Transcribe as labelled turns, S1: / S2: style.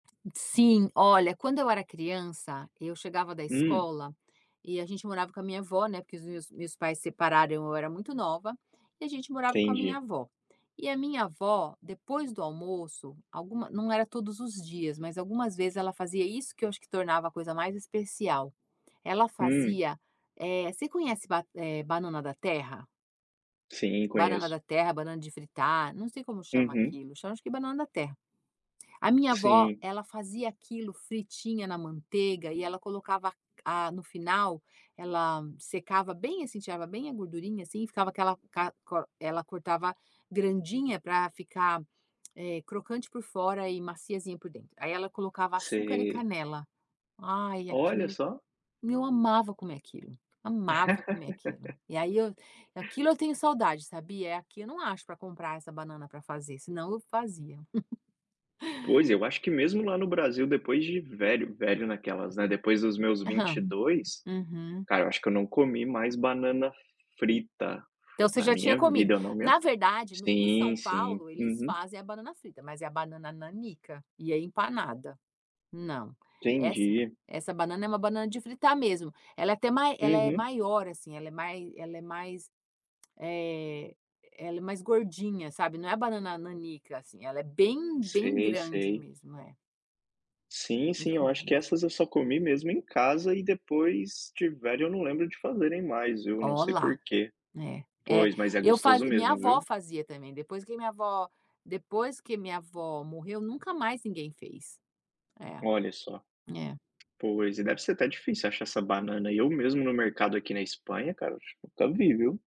S1: Sim. Olha, quando eu era criança, e eu chegava da
S2: Hum.
S1: escola, e a gente morava com a minha avó, né porque os meus meus pais separaram eu era muito nova, e a gente morava com a minha
S2: Entendi.
S1: avó. E a minha avó, depois do almoço, alguma não era todos os dias, mas algumas vezes ela fazia isso que eu acho que tornava a coisa mais especial. Ela
S2: Hum.
S1: fazia eh, você conhece ba eh, banana da terra?
S2: Sim,
S1: banana
S2: conheço.
S1: da terra, banana de fritar, não sei como chama
S2: Uhum.
S1: aquilo, chama acho que banana da terra. A minha avó
S2: Sim.
S1: ela fazia aquilo fritinha na manteiga e ela colocava c a no final, ela m secava bem, assim, tirava bem a gordurinha, assim e ficava aquela, ca co ela cortava grandinha pra ficar, eh, crocante por fora e maciazinha por dentro, aí ela colocava açúcar e
S2: Sei.
S1: canela. Ai,
S2: Olha
S1: aquilo
S2: só!
S1: meu, eu amava comer aquilo, amava comer aquilo! E aí eu aquilo eu tenho saudade, sabia? É aqui eu não acho pra comprar essa banana pra fazer, senão eu fazia.
S2: Pois, eu acho que mesmo lá no Brasil depois de velho velho naquelas, né depois dos meus vinte e
S1: Aham,
S2: dois,
S1: uhum.
S2: cara, eu acho que eu não comi mais banana frita,
S1: Então, você
S2: na
S1: já tinha
S2: minha
S1: comido.
S2: vida não me
S1: Na verdade, no em
S2: sim,
S1: São
S2: sim,
S1: Paulo, eles
S2: uhum.
S1: fazem a banana frita, mas é a banana nanica e é empanada. Não. Essa
S2: Entendi.
S1: essa banana é uma banana de fritar mesmo. Ela é até mai ela é
S2: Uhum.
S1: maior assim, ela é mai ela é mais, eh, ela é mais gordinha, sabe, não é a banana nanica, assim ela é bem, bem
S2: Sei,
S1: grande
S2: sei.
S1: mesmo. É.
S2: Sim,
S1: Bem
S2: sim eu acho que
S1: comprida.
S2: essas eu só comi mesmo em casa e depois tiveram eu não lembro de fazerem mais viu, não
S1: Ó
S2: sei
S1: lá,
S2: porquê.
S1: é, é.
S2: Pois, mas é
S1: Eu
S2: gostoso
S1: fazi minha
S2: mesmo,
S1: avó
S2: viu!
S1: fazia também, depois que minha avó depois que minha avó morreu nunca mais ninguém fez. É,
S2: Olha só!
S1: é.
S2: Pois, e deve ser até difícil achar essa banana aí, eu mesmo, no mercado aqui na Espanha cara, tip nunca vi, viu.